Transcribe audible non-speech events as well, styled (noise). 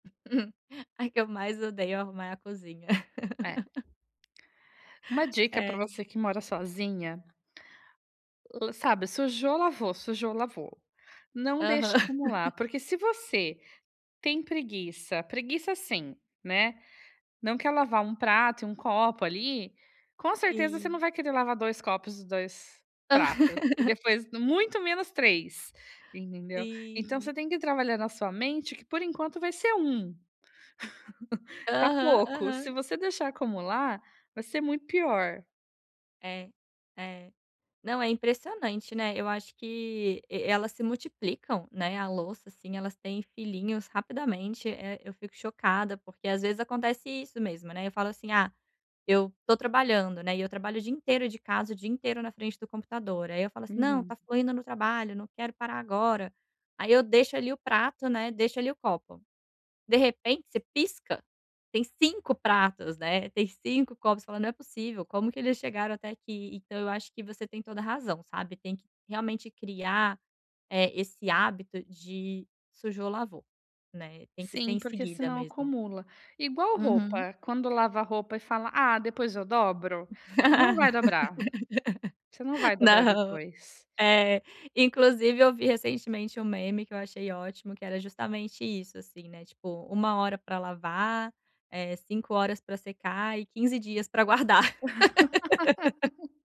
(chuckles) A que eu mais odeio arrumar é a cozinha. É. (laughs) Uma dica pra É. você que mora sozinha o sabe? Sujou, lavou. Sujou, lavou. Não Aham. deixe acumular. (chuckles) Porque, se você tem preguiça preguiça, assim, né, não quer lavar 1 prato e 1 copo ali, com certeza você não Sim. vai querer lavar 2 copos e 2 pratos. E (laughs) depois, muito menos 3, entendeu? Então Sim. você tem que ir trabalhando a sua mente que, por enquanto, vai ser 1. (chuckles) Tá Aham, pouco. Se aham. você deixar acumular, vai ser muito pior. É, é. Não, é impressionante, né. Eu acho que e elas se multiplicam, né. A louça, assim, elas têm filhinhos rapidamente. Eh, eu fico chocada, porque, às vezes, acontece isso mesmo, né? Eu falo assim: “Ah, eu tô trabalhando, né?”. E eu trabalho o dia inteiro de casa. O dia inteiro na frente do computador. Aí eu falo assim: “Não, Uhum. tá fluindo no trabalho. Não quero parar agora”. Aí eu deixo ali o prato, né, deixo ali o copo. De repente, você pisca, tem 5 pratos, né, tem 5 copos. Você fala: “Não é possível. Como que eles chegaram até aqui?”. Então eu acho que você tem toda a razão, sabe? Tem que realmente criar, eh, esse hábito de sujou, lavou, né. Tem que ser Sim, em porque seguida senão mesmo. acumula. Igual Uhum. roupa. Quando lava a roupa e fala: “Ah, depois eu dobro”, não vai dobrar. Você não (laughs) vai dobrar Não. depois. É. Inclusive eu vi recentemente um meme que eu achei ótimo que era justamente isso, assim, né, tipo: 1 hora pra lavar, eh, 5 horas pra secar e 15 dias pra guardar. (laughs) (laughs)